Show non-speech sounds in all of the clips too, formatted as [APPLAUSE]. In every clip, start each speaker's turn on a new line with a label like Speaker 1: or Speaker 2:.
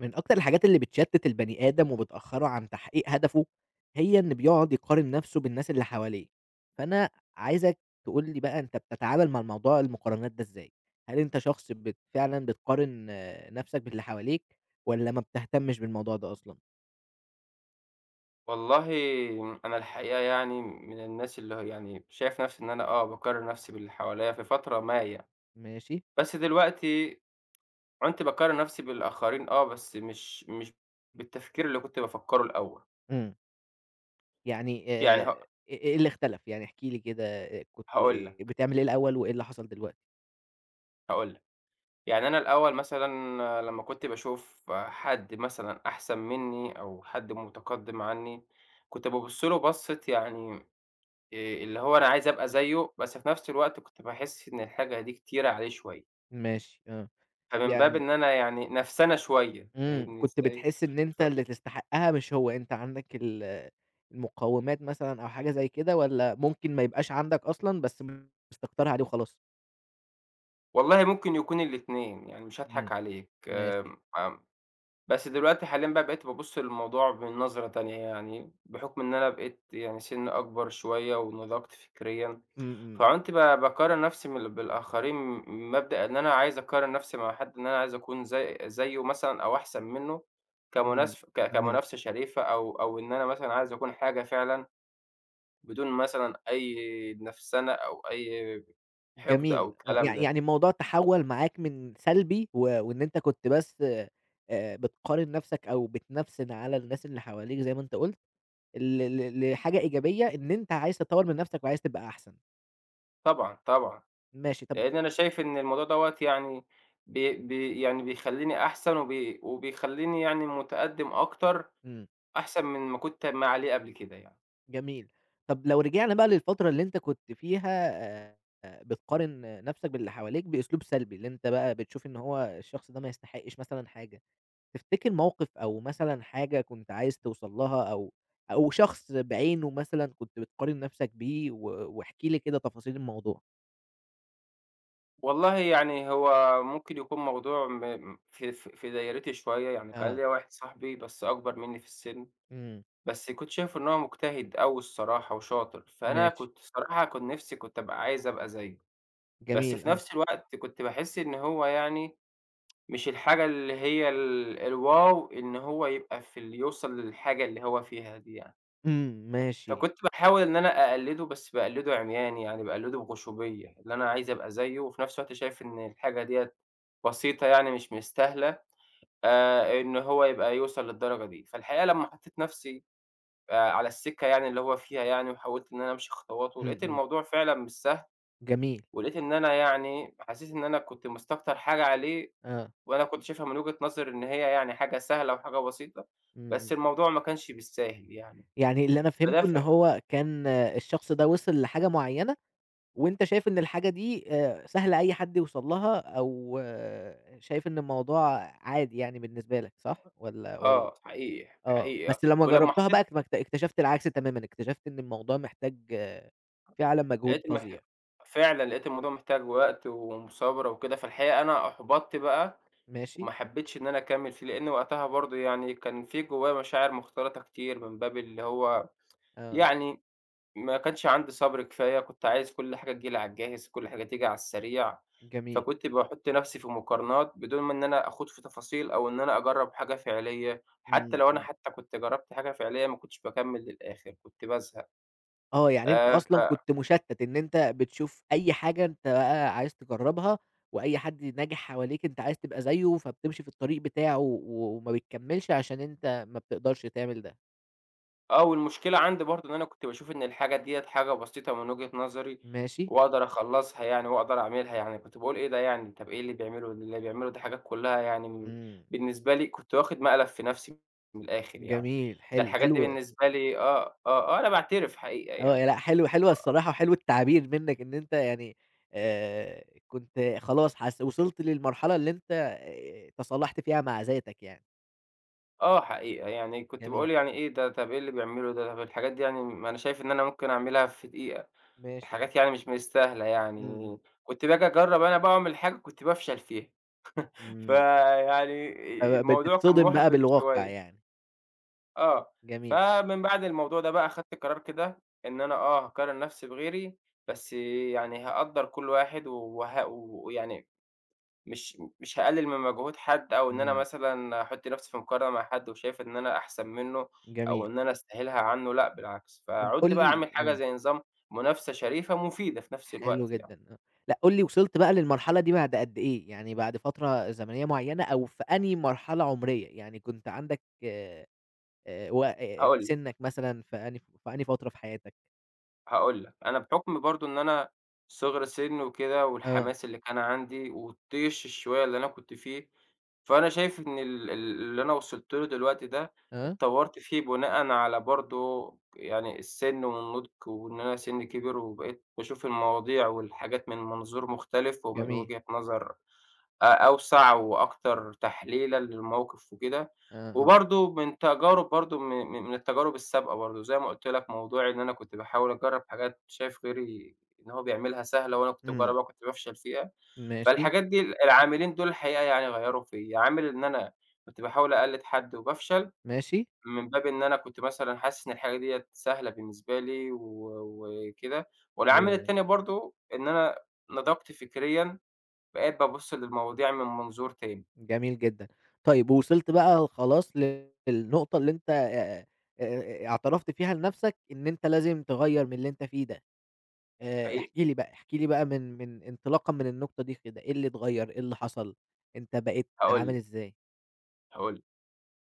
Speaker 1: من أكتر الحاجات اللي بتشتّت البني آدم وبتأخّره عن تحقيق هدفه هي إن بيقعُد يقارن نَفْسه بالناس اللي حواليه، فأنا عايزك تقول لي بقى أنت بتتعامل مع موضوع المقارنات ده إزاي؟ هل أنت شخص بت فعلًا بتقارن نَفْسك باللي حواليك والّا ما بتهتمّش بالموضوع ده أصلًا؟
Speaker 2: والله أنا الحقيقة يعني من الناس اللي يعني شايف نَفْسي إن أنا آه باقارن نَفْسي باللي حواليّا في فترة ما يعني،
Speaker 1: ماشي.
Speaker 2: بس دلوقتي عُنت باقارن نَفْسي بالآخرين آه، بس مش مش بالتفكير اللي كنت بافكّره الأول.
Speaker 1: امم. يعني
Speaker 2: يعني
Speaker 1: آآ
Speaker 2: هاق
Speaker 1: إ إيه اللي اختلَف؟ يعني احكِ لي كده كنت
Speaker 2: هاقول لك.
Speaker 1: بتعمل إيه الأول وإيه اللي حصَل دلوقتي؟
Speaker 2: هاقول لك، يعني أنا الأول مثلًا لمّا كنت باشوف حد مثلًا أحسَن منّي أو حد متقدّم عني كنت بابُص له بصّة يعني آآ اللي هو أنا عايز أبقى زيّه بس في نفس الوقت كنت باحس إن الحاجة دي كتيرة عليه شوية.
Speaker 1: ماشي، آه،
Speaker 2: فمن باب
Speaker 1: يعني
Speaker 2: إن أنا يعني نفسَنة شوية
Speaker 1: امم
Speaker 2: فاهمني
Speaker 1: كنت
Speaker 2: إزاي؟
Speaker 1: بتحس إن أنت
Speaker 2: ف
Speaker 1: اللي تستحقّها مش هو، أنت عندك ال المقوّمات مثلًا أو حاجة زي كده والّا ممكن ما يبقاش عندك أصلًا بس [UNINTELLIGIBLE] بتستكترها عليه وخلاص؟
Speaker 2: والله ممكن يكون الاتنين، يعني مش
Speaker 1: إمم،
Speaker 2: هاضحك عليك
Speaker 1: ماشي.
Speaker 2: آآ، امم بس دلوقتي حاليًا بقى بقيت بابُصّ للموضوع بنظرة تانية، يعني بحُكم إن أنا بقيت يعني سنِّي أكبر شوية ونضجت فكريًا،
Speaker 1: إمم، إمم.
Speaker 2: فعُنت ب باقارن نفسي من بالآخرين من مبدأ إن أنا عايز أقارن نفسي مع حد إن أنا عايز أكون زي زيه مثلًا أو أحسن منه
Speaker 1: إمم،
Speaker 2: كمناس ك
Speaker 1: ماشي.
Speaker 2: كمنافسة شريفة أو أو إن أنا مثلًا عايز أكون حاجة فعلًا، بدون مثلًا أي نفسنة أو أي حقد أو
Speaker 1: جميل، آه
Speaker 2: الكلام
Speaker 1: يع
Speaker 2: ده.
Speaker 1: يعني الموضوع تحوّل معاك من سلبي و وإن أنت كنت بس آآ بتقارن نفسك أو بتنفسن على الناس اللي حواليك زي ما أنت قُلت، ل ل لحاجة إيجابية إن أنت عايز تطوّر من نفسك، وعايز تبقى أحسن.
Speaker 2: طبعًا، طبعًا
Speaker 1: ماشي طَب
Speaker 2: لإن أنا شايف إن الموضوع دوّة يعني بي بي يعني بيخليني أحسن، وبي وبيخليني يعني متقدِّم أكتر
Speaker 1: إمم.
Speaker 2: أحسن من ما كنت ما عليه قبل كده يعني.
Speaker 1: جميل، طَب لو رجعنا بقى للفترة اللي أنت كنت فيها آآ، بتقارن نفسك باللي حواليك بأسلوب سلبي، اللي أنت بقى بتشوف إن هو الشخص ده ما يستحقش مثلًا حاجة، تفتكر موقف أو مثلًا حاجة كنت عايز توصل لها أو أو شخص بعينُه مثلًا كنت بتقارن نفسك بيه و واحكِ لي كده تفاصيل الموضوع.
Speaker 2: والله يعني هو ممكن يكون موضوع م في ف في دايرتي شوية، يعني كان
Speaker 1: آه.
Speaker 2: ليّا واحد صاحبي بس أكبر مني في السن،
Speaker 1: امم.
Speaker 2: بس كنت شايفُه إن هو مجتهد أوي الصراحة وشاطر، فأنا
Speaker 1: ماشي.
Speaker 2: كنت الصراحة كان نفسي كنت أبقى عايز أبقى زيه، بس
Speaker 1: جميل،
Speaker 2: في
Speaker 1: آه.
Speaker 2: نفس الوقت كنت باحس إن هو يعني [TSK] مش الحاجة اللي هي ال الواو إن هو يبقى في اللي يوصل للحاجة اللي هو فيها دي يعني.
Speaker 1: امم، ماشي.
Speaker 2: فكنت باحاول إن أنا أقلِّدُه بس باقلِّدُه عمياني، يعني باقلِّدُه بغُشومية، إن أنا عايز أبقى زيه، وفي نفس الوقت شايف إن الحاجة ديَّة بسيطة يعني مش مستاهلة آآ، إن هو يبقى يوصل للدرجة دي، فالحقيقة لمّا حطيت نفسي آآ، على السِكَّة يعني اللي هو فيها يعني وحاولت إني أنا أمشي خطواته،
Speaker 1: إمم،
Speaker 2: لقيت
Speaker 1: إمم.
Speaker 2: الموضوع فعلًا مش سهل،
Speaker 1: جميل.
Speaker 2: ولقيت إن أنا يعني حسيت إن أنا كنت مستكتر حاجة عليه،
Speaker 1: آه.
Speaker 2: وأنا كنت شايفها من وجهة نظري إن هي يعني حاجة سهلة و حاجة بسيطة، بس
Speaker 1: اهم.
Speaker 2: الموضوع ما كانش بالساهل يعني،
Speaker 1: يعني اللي أنا
Speaker 2: فده
Speaker 1: فهمته
Speaker 2: ف
Speaker 1: إن هو كان الشخص ده وصل لحاجة مُعيّنة، وأنت شايف إن الحاجة دي آآ سهل أي حد يوصل لها، أو شايف إن الموضوع عادي يعني بالنسبة لك، صح والَّا والَّا
Speaker 2: آه، حقيقي،
Speaker 1: آه،
Speaker 2: حقيقي آه
Speaker 1: بس لمّا
Speaker 2: ولمّا
Speaker 1: جرّبتها بقى
Speaker 2: [UNINTELLIGIBLE]
Speaker 1: ما اكت اكتشفت العكس تمامًا، اكتشفت إن الموضوع محتاج فعلاً مجهود
Speaker 2: لقيت المح
Speaker 1: فظيع.
Speaker 2: فعلاً لقيت الموضوع محتاج وقت ومثابرة وكده، فالحقيقة أنا أُحبطت بقى
Speaker 1: ماشي.
Speaker 2: وما حبيتش إن أنا أكمِّل فيه، لأن وقتها برضه يعني كان في جوايّا مشاعر مختلطة كتير من باب اللي هو [TSK]
Speaker 1: آه.
Speaker 2: يعني ما كانش عندي صبر كفاية، كنت عايز كُلّ حاجة تيجي لي على الجاهز، كُلّ حاجة تيجي على السريع،
Speaker 1: جميل.
Speaker 2: فكنت باحُطّ نفسي في مقارنات بدون ما إن أنا آخوض في تفاصيل، أو إن أنا أجرَّب حاجة فعلية، حتى
Speaker 1: امم،
Speaker 2: لو أنا
Speaker 1: امم.
Speaker 2: حتى كنت جرّبت حاجة فعلية ما كنتش باكمِّل للآخر، كنت بازهق.
Speaker 1: آه، يعني أنت
Speaker 2: آآ، ف
Speaker 1: أصلًا كنت مُشتّت إن أنت بتشوف أي حاجة أنت بقى عايز تجرّبها، وأي حد ناجح حواليك أنت عايز تبقى زيه، فبتمشي في الطريق بتاعه و وما بتكمِّلش عشان أنت ما بتقدرش تعمل ده.
Speaker 2: آه، والمشكلة عندي برضه إن أنا كنت باشوف إن الحاجة دِيَّة حاجة بسيطة من وجهة نظري،
Speaker 1: ماشي.
Speaker 2: وأقدر أخلّصها يعني وأقدر أعملها يعني، كنت باقول إيه ده يعني، طَب إيه اللي بيعملُه؟ اللي بيعملُه دي حاجات كلّها يعني من
Speaker 1: إمم.
Speaker 2: بالنسبة لي كنت واخِد مقلب في نَفْسي من الآخر يعني،
Speaker 1: جميل
Speaker 2: ده
Speaker 1: حلو،
Speaker 2: الحاجات دي
Speaker 1: حلو
Speaker 2: بالنسبة لي آه، آه، آه، أنا باعترف حقيقة
Speaker 1: آه،
Speaker 2: يعني.
Speaker 1: ي لأ، حلوة، حلوة،
Speaker 2: آه.
Speaker 1: الصراحة حلو التعبير منّك إن أنت يعني آآ، كنت خلاص حس وصلت للمرحلة اللي أنت آآ، تصالحت فيها مع ذاتك يعني.
Speaker 2: آه، حقيقة يعني كنت
Speaker 1: جميل.
Speaker 2: باقول يعني إيه ده، طَب إيه اللي بيعملُه ده؟ طَب الحاجات دي يعني م ما أنا شايف إن أنا ممكن أعملها في دقيقة،
Speaker 1: ماشي.
Speaker 2: حاجات يعني مش مستاهلة
Speaker 1: إمم،
Speaker 2: يعني،
Speaker 1: إمم.
Speaker 2: كنت بآجي أجرّب أنا بقى وأعمل حاجة كنت بافشل فيها، [CHUCKLES]
Speaker 1: إمم.
Speaker 2: فيعني آآ،
Speaker 1: فب
Speaker 2: الموضوع كان
Speaker 1: بتتصدم بقى
Speaker 2: مُحبِط
Speaker 1: بالواقع
Speaker 2: شوية.
Speaker 1: يعني.
Speaker 2: آه.
Speaker 1: جميل.
Speaker 2: فمن بعد الموضوع ده بقى أخدت قرار كده إن أنا آه، هاقارن نَفْسي بغيري بس يعني هاقدَّر كُلّ واحد و وه و ويعني مش مش هاقلِّل من مجهود حد أو إن أنا
Speaker 1: إمم.
Speaker 2: مثلًا أحُطّ نَفْسي في مقارنة مع حد، وشايف إن أنا أحسن منّه أو
Speaker 1: جميل.
Speaker 2: إن أنا أستاهلها عنّه لأ، بالعكس،
Speaker 1: طَب قُل
Speaker 2: فعُنت بقى
Speaker 1: لي
Speaker 2: عامل حاجة
Speaker 1: آه.
Speaker 2: زي نظام منافسة شريفة مفيدة في نَفْس
Speaker 1: حلو
Speaker 2: الوقت يعني.
Speaker 1: جدًا، آه. لأ، قُل لي وصلت بقى للمرحلة دي بعد قد إيه، يعني بعد فترة زمنية معيّنة، أو في أنهي مرحلة عُمرية يعني كنت عندك آآ، وق
Speaker 2: هاقول لك
Speaker 1: سِنّك مثلًا في أنهي ف في أنهي فترة في حياتك؟
Speaker 2: هاقول لك أنا بحُكم برضه إن أنا صغر سن وكده،
Speaker 1: آه.
Speaker 2: والحماس اللي كان عندي والطيش الشوية اللي أنا كنت فيه، فأنا شايف إن ال ال اللي أنا وصلت له دلوقتي ده
Speaker 1: آه.
Speaker 2: اتطوّرت فيه بناءًا على برضه يعني السن والنضج، وإن أنا سنِّي كِبِر، وبقيت باشوف المواضيع والحاجات من منظور مختلف ومن
Speaker 1: جميل.
Speaker 2: وجهة نظر أ أوسع وأكتر تحليلًا للموقف وكده،
Speaker 1: آه، آه.
Speaker 2: وبرضه من تجارب برضه م م من التجارب السابقة برضه زي ما قُلت لك موضوعي إن أنا كنت باحاول أجرّب حاجات شايف غيري إن هو بيعملها سهلة وأنا كنت
Speaker 1: إمم.
Speaker 2: باجرّبها وكنت بافشل فيها،
Speaker 1: ماشي.
Speaker 2: فالحاجات دي ال العاملين دول الحقيقة يعني غيّروا فيّا، عامل إن أنا كنت باحاول أقلِّد حد وبافشل،
Speaker 1: ماشي.
Speaker 2: من باب إن أنا كنت مثلًا حاسس إن الحاجة ديَّة سهلة بالنسبة لي و وكده والعامل
Speaker 1: [UNINTELLIGIBLE]
Speaker 2: التاني برضه إن أنا نضجت فكريًا، بقيت بابُصّ للمواضيع من منظور تاني.
Speaker 1: جميل جدًا، طيّب ووصلت بقى خلاص للنقطة اللي أنت آآ، آآ، اعترفت فيها لنفسك إن أنت لازم تغيّر من اللي أنت فيه ده، آآ،
Speaker 2: حقيقة.
Speaker 1: احكِ لي بقى احكِ لي بقى من من انطلاقًا من النقطة دي كده، إيه اللي اتغيّر، إيه اللي حصل، أنت بقيت
Speaker 2: هاقول
Speaker 1: عامل
Speaker 2: لك.
Speaker 1: إزاي؟
Speaker 2: هاقول لك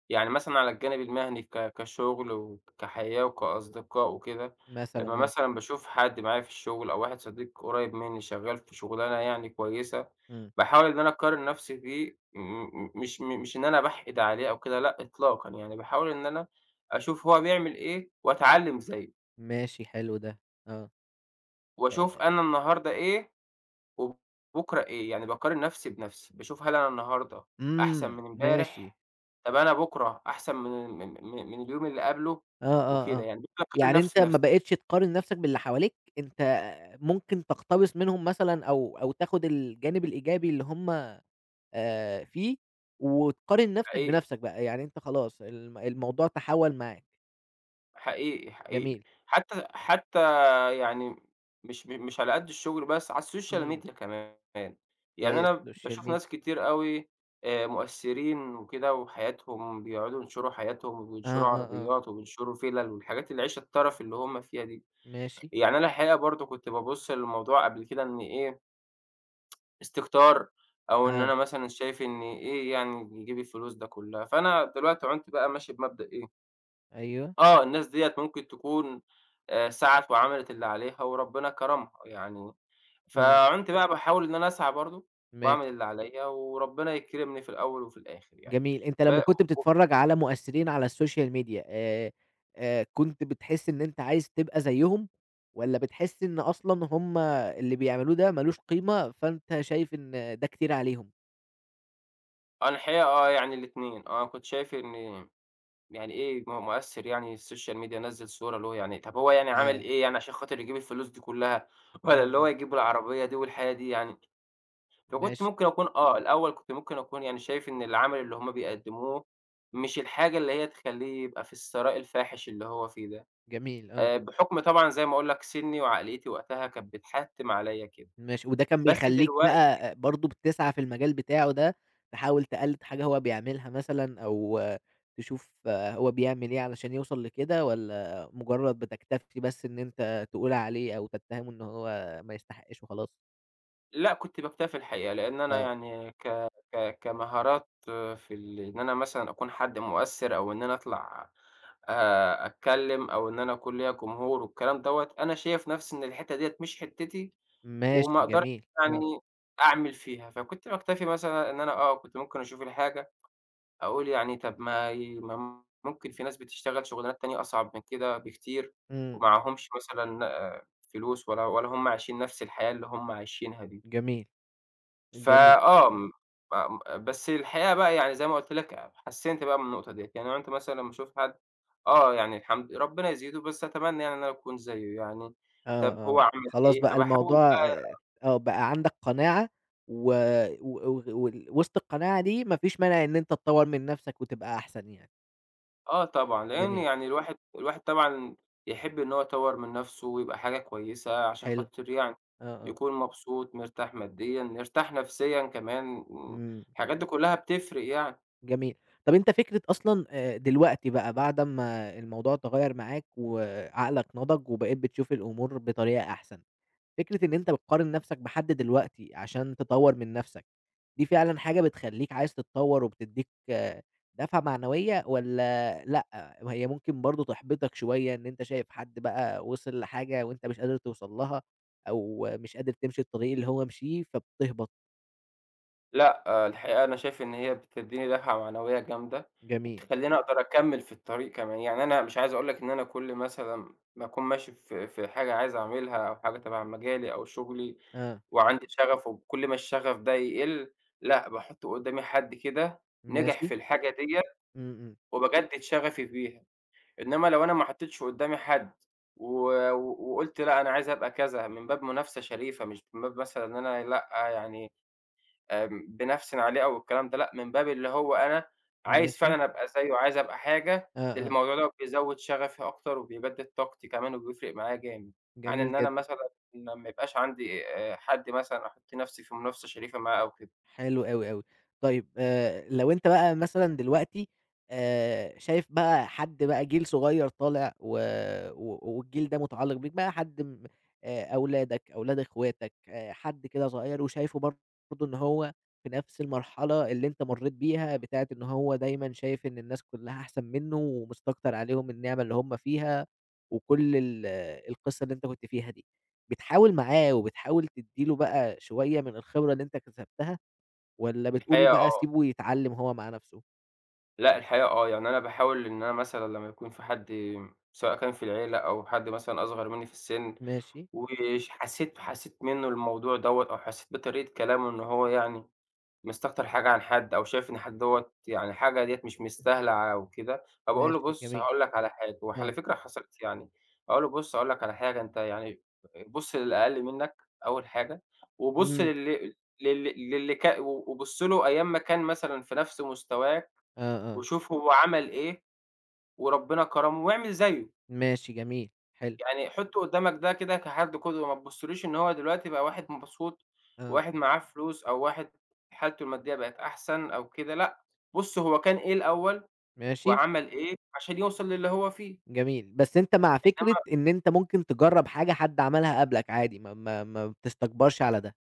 Speaker 2: يعني مثلًا على الجانب المهني ك كشغل وكحياة وكأصدقاء وكده،
Speaker 1: مثلًا
Speaker 2: لمّا
Speaker 1: آه.
Speaker 2: مثلًا باشوف حد معايا في الشغل أو واحد صديق قريّب مني شغال في شغلانة يعني كويسة،
Speaker 1: إمم.
Speaker 2: باحاول إن أنا أقارن نفسي بيه م م مش م مش إن أنا باحقد عليه أو كده، لأ إطلاقًا يعني باحاول إن أنا أشوف هو بيعمل إيه وأتعلِّم زيه.
Speaker 1: ماشي حلو ده، آه، أ
Speaker 2: وأشوف
Speaker 1: أ
Speaker 2: أنا النهاردة إيه وبُكرة إيه، يعني باقارن نَفْسي بنَفْسي، باشوف هل أنا النهاردة أحسَن
Speaker 1: إمم،
Speaker 2: من
Speaker 1: ماشي.
Speaker 2: إمبارح؟ طَب أنا بُكرة أحسن من ال من من اليوم اللي قبله؟
Speaker 1: آه، آه،
Speaker 2: وكده
Speaker 1: آه،
Speaker 2: يعني، باقارن
Speaker 1: يعني أنت
Speaker 2: نَفْسي بنَفْسي.
Speaker 1: ما بقيتش تقارن نَفْسك باللي حواليك، أنت ممكن تقتبس منهم مثلًا أو أو تاخد الجانب الإيجابي اللي هُم آآ، فيه وتقارن نَفْسك
Speaker 2: حقيقي.
Speaker 1: بنَفْسك بقى، يعني أنت خلاص الم الموضوع تحوّل معاك.
Speaker 2: حقيقي، حقيقي،
Speaker 1: جميل.
Speaker 2: حتى حتى يعني مش م مش على قد الشغل بس، على الsocial
Speaker 1: إمم.
Speaker 2: media كمان، يعني أنا
Speaker 1: الsocial
Speaker 2: باشوف
Speaker 1: media.
Speaker 2: ناس كتير أوي آآ، مؤثّرين وكده وحياتهم بيقعُدوا ينشُروا حياتهم
Speaker 1: آه،
Speaker 2: وينشُروا
Speaker 1: آه، آه.
Speaker 2: عربيات وبينشُروا فِلَل والحاجات العيشة الترَف اللي هُم فيها دي،
Speaker 1: ماشي.
Speaker 2: يعني أنا الحقيقة برضه كنت بابُصّ للموضوع قبل كده إن إيه [TSK] استكتار، أو إن
Speaker 1: آه.
Speaker 2: أنا مثلًا شايف إن إيه يعني يجيب الفلوس ده كلّها؟ فأنا دلوقتي عُنت بقى ماشي بمبدأ إيه
Speaker 1: أيوه.
Speaker 2: آه، الناس ديّة ممكن تكُون آآ، سعَت وعملِت اللي عليها وربنا كرَمها يعني،
Speaker 1: إمم.
Speaker 2: فعُنت بقى باحاول إن أنا أسعى برضه وأعمل
Speaker 1: ماشي.
Speaker 2: اللي عليَّ وربنا يكرِمني في الأول وفي الآخِر يعني
Speaker 1: جميل، أنت
Speaker 2: ب
Speaker 1: لمّا كنت
Speaker 2: [UNINTELLIGIBLE]
Speaker 1: بتتفرّج على مؤثّرين على الsocial media آآ، آآ كنت بتحس إن أنت عايز تبقى زيّهم، والّا بتحس إن أصلًا هُم اللي بيعملوه ده مالوش قيمة فأنت شايف إن ده كتير عليهم؟
Speaker 2: أنا الحقيقة آه، يعني الاتنين آه، كنت شايف إن يعني إيه؟ ما هو مؤثّر يعني الSocial media نزّل صورة له يعني طَب هو يعني عمل
Speaker 1: آه.
Speaker 2: إيه يعني عشان خاطر يجيب الفلوس دي كُلّها والّا اللي هو
Speaker 1: اهم.
Speaker 2: يجيب العربية دي والحياة دي يعني؟ فكنت
Speaker 1: ماشي.
Speaker 2: ممكن أكون آه، الأول كنت ممكن أكون يعني شايف إن العمل اللي هم بيقدّموه مش الحاجة اللي هي تخلّيه يبقى في الثراء الفاحِش اللي هو فيه ده،
Speaker 1: جميل آه.
Speaker 2: آآ بحُكم طبعًا زي ما أقول لك سِنّي وعقليّتي وقتها كانت بتحتّم عليّا كده،
Speaker 1: ماشي، وده كان
Speaker 2: بس
Speaker 1: بيخلّيك
Speaker 2: دلوقتي
Speaker 1: بقى برضه بتسعى في المجال بتاعه ده تحاول تقلّد حاجة هو بيعملها مثلًا أو تشوف هو بيعمل إيه علشان يوصل لكده والّا مجرّد بتكتفي بس إن أنت تقول عليه أو تتّهمه إن هو ما يستحقش وخلاص؟
Speaker 2: لأ، كنت باكتفي الحقيقة لإن أنا
Speaker 1: آه.
Speaker 2: يعني ك ك كمهارات في ال إن أنا مثلًا أكون حد مؤثِّر أو إن أنا أطلع أ أتكلّم أو إن أنا أكون ليّا جمهور والكلام دوّة، أنا شايف نَفْسي إن الحتّة ديّة مش حتّتي، وما
Speaker 1: ماشي
Speaker 2: أقدرش
Speaker 1: جميل، آه.
Speaker 2: يعني أعمل فيها، فكنت باكتفي مثلًا إن أنا آه، كنت ممكن أشوف الحاجة أقول يعني طَب ما ي ما م ممكن في ناس بتشتغل شُغلانات تانية أصعب من كده بكتير
Speaker 1: إمم.
Speaker 2: ومعاهمش مثلًا آآ فلوس ولا ولا هم عايشين نَفْس الحياة اللي هم عايشينها دي.
Speaker 1: جميل.
Speaker 2: ف
Speaker 1: جميل.
Speaker 2: آه، م فم آآ بس الحقيقة بقى يعني زي ما قُلت لك أب حسِّنْت بقى من النقطة ديّة، يعني عُنت مثلًا لمّا أشوف حد آه، يعني الحمد ربّنا يزيده، بس أتمنى يعني إن أنا أكون زيّه يعني،
Speaker 1: آه،
Speaker 2: طَب هو
Speaker 1: آه،
Speaker 2: عمل
Speaker 1: خلاص
Speaker 2: إيه؟
Speaker 1: بقى
Speaker 2: فباحاول
Speaker 1: الموضوع آآ
Speaker 2: بقى
Speaker 1: آه، بقى عندك قناعة و و وغ وال وِسط القناعة دي ما فيش مانع إن أنت تطوّر من نَفْسك وتبقى أحسن يعني.
Speaker 2: آه، طبعًا، لأن
Speaker 1: جميل.
Speaker 2: يعني الواحد الواحد طبعًا، يحِب إن هو يطوِّر من نَفْسه، ويبقى حاجة كويسة، عشان
Speaker 1: حلو.
Speaker 2: خاطر يعني،
Speaker 1: آه، آه.
Speaker 2: يكون مبسوط، مرتاح ماديًا، مرتاح نَفْسيًا كمان
Speaker 1: إمم.
Speaker 2: الحاجات دي كلَّها بتفرِّق يعني.
Speaker 1: جميل، طب، أنت فكرة أصلًا، آآ، دلوقتي بقى، بعد أما الموضوع تغيَّر معاك، وعقلك نضِج، وبقيت بتشوف الأمور بطريقة أحسن، فكرة إن أنت بتقارن نَفْسك بحد دلوقتي، عشان تطوِّر من نَفْسك، دي فعلًا حاجة بتخلِّيك عايز تتطوَّر وبتدِّيك دفعة معنوية، والّا لأ؟ وهي ممكن برضه، تحبِّطك شوية، إن أنت شايف حد بقى، وصل لحاجة، وأنت مش قادر توصَل لها، أو مش قادر تمشي الطريق اللي هو مشيه، فبتهبِط؟
Speaker 2: لأ، الحقيقة، أنا شايف إن هي بتدِّيني دفعة معنوية جامدة،
Speaker 1: جميل.
Speaker 2: وبتخلِّيني أقدر أكمِّل في الطريق كمان. يعني، أنا مش عايز أقول لك إن أنا كل مثلًا، ما أكون ماشي في في حاجة عايز أعملها، أو حاجة تبع مجالي أو شُغلي،
Speaker 1: آه.
Speaker 2: وعندي شغف، وكل ما الشغف ده يقِل، لأ، باحُط قُدَّامي حد كده، نجح
Speaker 1: ماشي.
Speaker 2: في الحاجة ديّة،
Speaker 1: إمم، إمم.
Speaker 2: وبجدِّد شغفي ف بيها. إنما لو أنا ما حطَّيتش قُدَّامي حد، و و وقُلت: "لأ، أنا عايز أبقى كذا،" من باب منافسة شريفة، مش من باب مثلًا إن أنا لأ، يعني آمم، بانَفسَن عليه أو الكلام ده لأ، من باب اللي هو، أنا، عايز
Speaker 1: ماشي.
Speaker 2: فعلًا أبقى زيَّه، عايز أبقى حاجة، لأن
Speaker 1: آه، آه.
Speaker 2: الموضوع ده بيزوِّد شغفي أكتر، وبيجدِّد طاقتي كمان، وبيفرق معايا جامد، عن
Speaker 1: جميل
Speaker 2: إن أنا
Speaker 1: جدًا.
Speaker 2: مثلًا، ما ما يبقاش عندي، آآ، حد مثلًا، أحُط نَفْسي في منافسة شريفة معاه، أو كده.
Speaker 1: حلو أوي، أوي. طيب، آآ، لو أنت بقى مثلًا دلوقتي، آآ، شايف بقى حد بقى جيل صغيِّر طالع، و و والجيل ده، متعلِّق بيك، بقى حد م آآ، أولادك، أولاد أخواتك، آآ حد كده صغيِّر، وشايفه برضه إن هو في نَفْس المرحلة اللي أنت مرَّيت بيها، بتاعة إن هو دايمًا شايف إن الناس كلَّها أحسن منُّه، ومستكتر عليهم النعمة اللي هُم فيها، وكل ال القصة اللي أنت كنت فيها دي. بتحاول معاه، وبتحاول تدِّي له بقى، شوية من الخبرة اللي أنت اكتسبتها، والّا بتقول
Speaker 2: الحقيقة
Speaker 1: بقى:
Speaker 2: آه.
Speaker 1: "اسيبه يتعلَّم هو مع نفسه"؟
Speaker 2: لأ، الحقيقة آه، يعني أنا باحاول إن أنا مثلًا لمّا يكون في حد، سواء كان في العيلة، أو حد مثلًا أصغر منّي في السِن،
Speaker 1: ماشي.
Speaker 2: ويش حسيت حسيت منه الموضوع دوّة، أو حسيت بطريقة كلامه، إنه هو يعني مستكتر حاجة عن حد، أو شايف إن حد دوّة يعني حاجة ديّة مش مستاهلة أو كده،
Speaker 1: ده
Speaker 2: فباقول له:
Speaker 1: شئ
Speaker 2: "بُص
Speaker 1: جميل.
Speaker 2: هاقول لك على حاجة" وعلى
Speaker 1: آه.
Speaker 2: فكرة حصلِت، يعني أقول له: "بُص هاقول لك على حاجة، أنت يعني بُص للأقل منك أول حاجة، وبُص
Speaker 1: إمم.
Speaker 2: لل لل للي ك وبُص له أيام ما كان مثلًا في نفس مستواك،
Speaker 1: آه، آه.
Speaker 2: وشوف هو عمل إيه، وربنا كرمه، واعمل زيه."
Speaker 1: ماشي، جميل، حلو.
Speaker 2: "يعني حُط قدّامك ده كده كحد قدوة، ما تبُصّلوش إن هو دلوقتي بقى واحد مبسوط،
Speaker 1: آه.
Speaker 2: واحد معاه فلوس، أو واحد حالته المادية بقت أحسن أو كده، لأ، بُص هو كان إيه الأول،
Speaker 1: ماشي.
Speaker 2: وعمل إيه عشان يوصل للي هو فيه."
Speaker 1: جميل، بس أنت مع فكرة
Speaker 2: إنما
Speaker 1: إن أنت ممكن تجرّب حاجة حد عملها قبلك عادي، ما ما ما بتستكبرش على ده.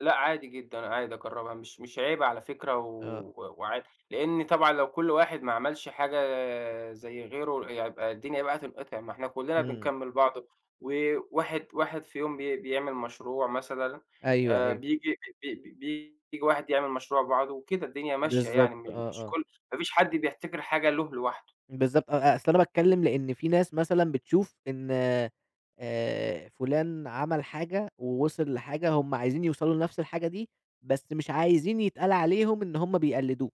Speaker 2: لأ، عادي جدًا، عادي أجربها، مش مش عيب على فكرة،
Speaker 1: آه.
Speaker 2: و وعادي. لإن طبعًا لو كلّ واحد ما عملش حاجة آآ زَي غيره، يبقى الدنيا بقى تنقطع، ما إحنا كلّنا
Speaker 1: إمم.
Speaker 2: بنكمّل بعض، وواحد واحد في يوم بي بيعمل مشروع مثلًا،
Speaker 1: أيوه،
Speaker 2: آآ
Speaker 1: أيوه.
Speaker 2: بييجي ب ب بييجي واحد يعمل مشروع بعده وكده، الدنيا ماشية
Speaker 1: بالضبط،
Speaker 2: يعني،
Speaker 1: آه،
Speaker 2: م مش
Speaker 1: آه.
Speaker 2: كلّ ما فيش حد بيحتكر حاجة له لوحده.
Speaker 1: بالضبط، أ أ أصل أنا باتكلم لأن في ناس مثلًا بتشوف إن آآ، فلان عمل حاجة، ووصل لحاجة، هُم عايزين يوصلوا لنفس الحاجة دي، بس مش عايزين يتقال عليهم إن هُم بيقلدوه،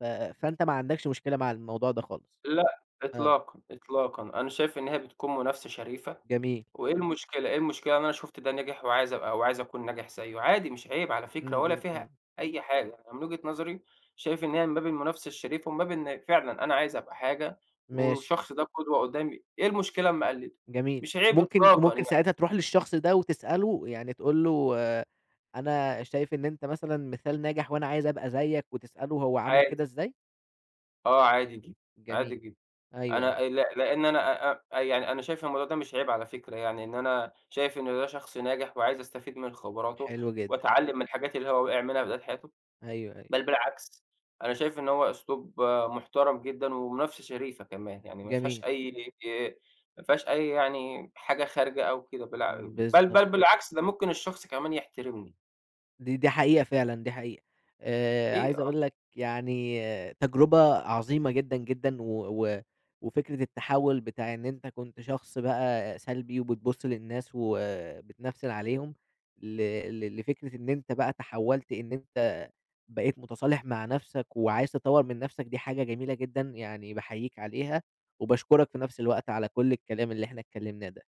Speaker 1: ف فأنت ما عندكش مشكلة مع الموضوع ده خالص؟
Speaker 2: لأ،
Speaker 1: آه.
Speaker 2: إطلاقًا، إطلاقًا. أنا شايف إن هي بتكون منافسة شريفة،
Speaker 1: جميل.
Speaker 2: وإيه المشكلة إيه المشكلة إن أنا شُفت ده نجِح، وعايز أبقى وعاوز أكون ناجح زَيّه؟ عادي مش عيب على فكرة،
Speaker 1: إمم،
Speaker 2: ولا
Speaker 1: إمم،
Speaker 2: فيها
Speaker 1: إمم.
Speaker 2: أي حاجة، يعني من وجهة نظري شايف إن هي من باب المنافسة الشريفة، ومن باب إن فعلًا أنا عايز أبقى حاجة
Speaker 1: ماشي.
Speaker 2: والشخص ده قدوة قدّامي، إيه المشكلة لمّا أقلده؟
Speaker 1: جميل،
Speaker 2: مش عيب
Speaker 1: ممكن
Speaker 2: إطلاقًا
Speaker 1: وممكن
Speaker 2: يعني.
Speaker 1: ساعتها تروح للشخص ده، وتسأله يعني تقول له آآ "أنا شايف إن أنت مثلًا مثال ناجح، وأنا عايز أبقى زيك." وتسأله هو عمل
Speaker 2: عادي.
Speaker 1: كده إزاي؟
Speaker 2: آه، عادي ج عادي
Speaker 1: جميل،
Speaker 2: جدًا،
Speaker 1: أيوه،
Speaker 2: أنا
Speaker 1: أيوه.
Speaker 2: ل لأن أ أ أنا يعني أنا شايف الموضوع ده مش عيب على فكرة، يعني إن أنا شايف إن ده شخص ناجح، وعايز أستفيد من خبراته،
Speaker 1: حلو جدًا.
Speaker 2: وأتعلم من الحاجات اللي هو وقع منها في بداية حياته،
Speaker 1: أيوه، أيوه.
Speaker 2: بل بالعكس أنا شايف إن هو أسلوب محترم جدًا، ومنافسة شريفة كمان، يعني ما فيهاش
Speaker 1: جميل.
Speaker 2: أي ما فيهاش أي يعني حاجة خارجة أو كده، بالع بل
Speaker 1: بالضبط.
Speaker 2: بل بالعكس، ده ممكن الشخص كمان يحترمني.
Speaker 1: دي دي حقيقة فعلًا، دي حقيقة. آآ،
Speaker 2: حقيقي
Speaker 1: عايز
Speaker 2: آه.
Speaker 1: أقول لك يعني تجربة عظيمة جدًا، جدًا. و و وفكرة التحوّل بتاع إن أنت كنت شخص بقى سلبي، وبتبُص للناس، وبتنفسن عليهم، ل ل لفكرة إن أنت بقى تحوّلت إن أنت بقيت متصالح مع نفسك، وعايز تطوّر من نفسك، دي حاجة جميلة جدًا، يعني باحييك عليها، وباشكرك في نفس الوقت على كلّ الكلام اللي إحنا اتكلمناه ده.